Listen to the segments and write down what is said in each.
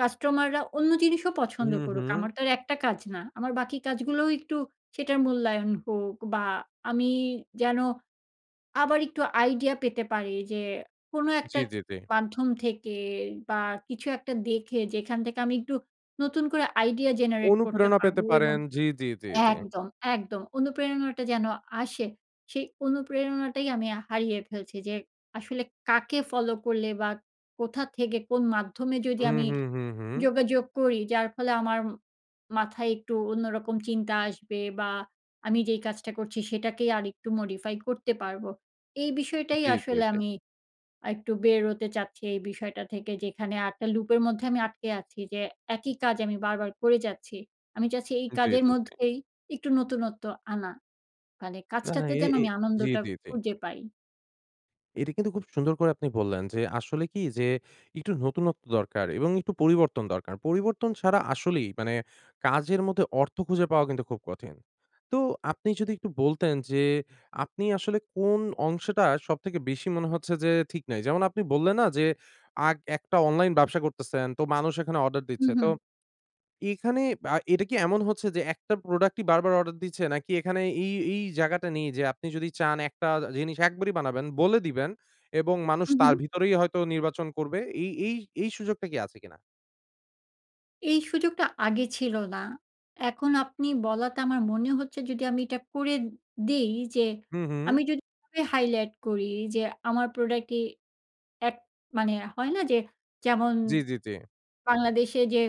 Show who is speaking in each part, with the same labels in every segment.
Speaker 1: কাস্টমাররা অন্য জিনিসও পছন্দ
Speaker 2: হুম,
Speaker 1: করুক,
Speaker 2: হুম।
Speaker 1: আমার তো আর একটা কাজ না। আমার বাকি কাজগুলোও একটু সেটার মূল্যায়ন হোক বা আমি যেন আবার একটু আইডিয়া পেতে পারি। যে কোনো
Speaker 2: জি,
Speaker 1: একটা ক
Speaker 2: জি, জি।
Speaker 1: মাধ্যম থেকে বা কিছু একটা দেখে। যেখান থেকে আমি একটু নতুন করে আইডিয়া জেনারেট করতে
Speaker 2: অনুপ্রেরণা পেতে
Speaker 1: পারবো এবং
Speaker 2: পারেন। জি, জি, জি, জি।
Speaker 1: একদম, একদম অনুপ্রেরণাটা যেন আসে। সেই অনুপ্রেরণাটাই আমি আ হারিয়ে ফেলছি। যে আসলে কাকে ফলো করলে বা কোথা থেকে কোন মাধ্যমে যদি
Speaker 2: হুম,
Speaker 1: আমি
Speaker 2: হুম, হুম, হুম।
Speaker 1: যোগাযোগ করি, যার ফলে আমার ম মাথায় একটু অন্যরকম চিন্তা আসবে? বা আমি যেই কাজটা করছি সেটাকেই আরেকটু মডিফাই করতে পারবো, এই বিষয়টাই
Speaker 2: জি, জি,
Speaker 1: আসলে
Speaker 2: জি।
Speaker 1: আমি আর একটু বের হতে চাচ্ছি এই বিষয়টা থেকে। যেখানে আরেকটা লুপের মধ্যে আমি আটকে আছি। যে একই কাজ আমি বারবার করে যাচ্ছি। আমি চাচ্ছি এই
Speaker 2: জি,
Speaker 1: কাজের
Speaker 2: জি, জি।
Speaker 1: মধ্যেই একটু নতুনত্ব আনা। মানে
Speaker 2: না
Speaker 1: কাজটাতে
Speaker 2: এ,
Speaker 1: যেন
Speaker 2: এ
Speaker 1: আমি
Speaker 2: জি,
Speaker 1: আনন্দটা
Speaker 2: জি, জি।
Speaker 1: খুঁজে পাই।
Speaker 2: এটা কিন্তু খুব সুন্দর করে আপনি বললেন, যে আসলে কি? যে একটু নতুনত্ব দরকার এবং একটু পরিবর্তন দরকার। পরিবর্তন ছাড়া আসলেই মানে কাজের মধ্যে অর্থ খুঁজে পাওয়া খুব কঠিন। তো আপনি যদি একটু বলতেন যে, আপনি আসলে কোন অংশটা সবথেকে বেশি মনে হচ্ছে যে ঠিক নাই? যেমন আপনি বললে না? যে আক একটা অনলাইন ব্যবসা করতেছেন। তো মানুষ এখানে অর্ডার
Speaker 1: হুম,
Speaker 2: দিচ্ছে। তো
Speaker 1: হুম।
Speaker 2: এখানে আ এটা কি এমন হচ্ছে যে একটা প্রোডাক্টই বার, বার অর্ডার দিচ্ছে? নাকি এখানে এই, এই জায়গাটা নেই যে আপনি যদি চান একটা আ জিনিস একবারেই বানাবেন বলে দিবেন, এবং মানুষ
Speaker 1: হু, হু।
Speaker 2: তার ভিতরেই হয়তো নির্বাচন করবে? এই, এই, এই সুযোগটা কি আছে কিনা?
Speaker 1: এই সুযোগটা আগে ছিল না। এখন আপনি বলাতে আমার মনে হচ্ছে যদি আমি এটা করে দেই। যে
Speaker 2: হুম, হুম।
Speaker 1: আমি যদি হাইলাইট করি যে, আমার প্রোডাক্টই এক মানে হয়না? যে যেমন
Speaker 2: জি, জি, জি।
Speaker 1: বাংলাদেশে যে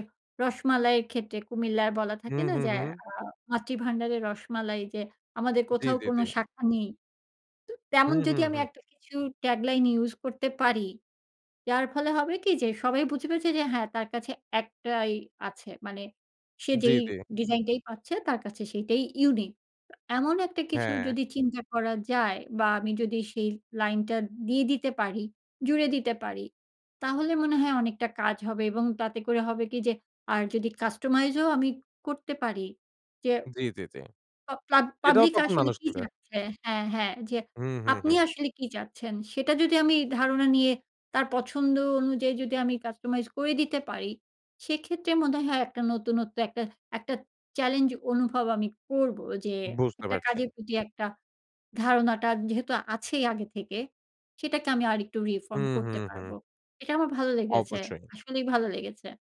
Speaker 1: রসমালাইয়ের ক্ষেত্রে কুমিল্লার বলা থাকে
Speaker 2: হুম,
Speaker 1: না?
Speaker 2: হুম,
Speaker 1: যে
Speaker 2: হুম।
Speaker 1: আ মাতৃভান্ডারের রসমালাই, যে আমাদের
Speaker 2: জি,
Speaker 1: কোথাও
Speaker 2: জি,
Speaker 1: কোন
Speaker 2: জি।
Speaker 1: শাখা নেই? তো
Speaker 2: হু,
Speaker 1: তেমন
Speaker 2: হু,
Speaker 1: যদি আমি
Speaker 2: হু।
Speaker 1: একটা কিছু ট্যাগলাইন ইউস করতে পারি, যার ফলে হবে কি যে, সবাই বুঝেছে যে, যে হ্যাঁ তার কাছে একটাই আছে। মানে সে
Speaker 2: জি,
Speaker 1: যেই
Speaker 2: জি।
Speaker 1: ডিজাইনটাই পাচ্ছে, তার কাছে সেইটাই ইউনিক। তো এমন একটা কিছু
Speaker 2: হ্যাঁ।
Speaker 1: যদি চিন্তা করা যায় বা আমি যদি সেই লাইন টা দিয়ে দিতে পারি, জুড়ে দিতে পারি, তাহলে মনে হয় অনেকটা কাজ হবে। এবং তাতে করে হবে কি যে আর যদি কাস্টমাইজ ও আমি করতে পারি। যে
Speaker 2: জি, জি, জি।
Speaker 1: পা প্লা
Speaker 2: সেটাও
Speaker 1: পাবলিক
Speaker 2: তখন
Speaker 1: আসলে
Speaker 2: মানুষ
Speaker 1: কি
Speaker 2: নিবে।
Speaker 1: চাচ্ছে হ্যাঁ, হ্যাঁ যে
Speaker 2: হু, হু,
Speaker 1: আপনি
Speaker 2: হু।
Speaker 1: আসলে কি চাচ্ছেন? সেটা যদি আমি ধারণা নিয়ে তার পছন্দ অনুযায়ী যদি আমি কাস্টমাইজ করে দিতে পারি, সেক্ষেত্রে মনে হয়, হয় একটা নতুনত্ব একটা, একটা চ্যালেঞ্জ অনুভব আমি করবো। যে
Speaker 2: বুঝতে
Speaker 1: একটা
Speaker 2: পারছি।
Speaker 1: কাজের প্রতি একটা ধারণাটা যেহেতু আছেই আগে থেকে, সেটাকে আমি আরেকটু reform
Speaker 2: হুম,
Speaker 1: করতে
Speaker 2: হুম, হুম।
Speaker 1: পারবো। এটা আমার ভালো লেগেছে।
Speaker 2: অবশ্যই।
Speaker 1: আসলেই ভালো লেগেছে।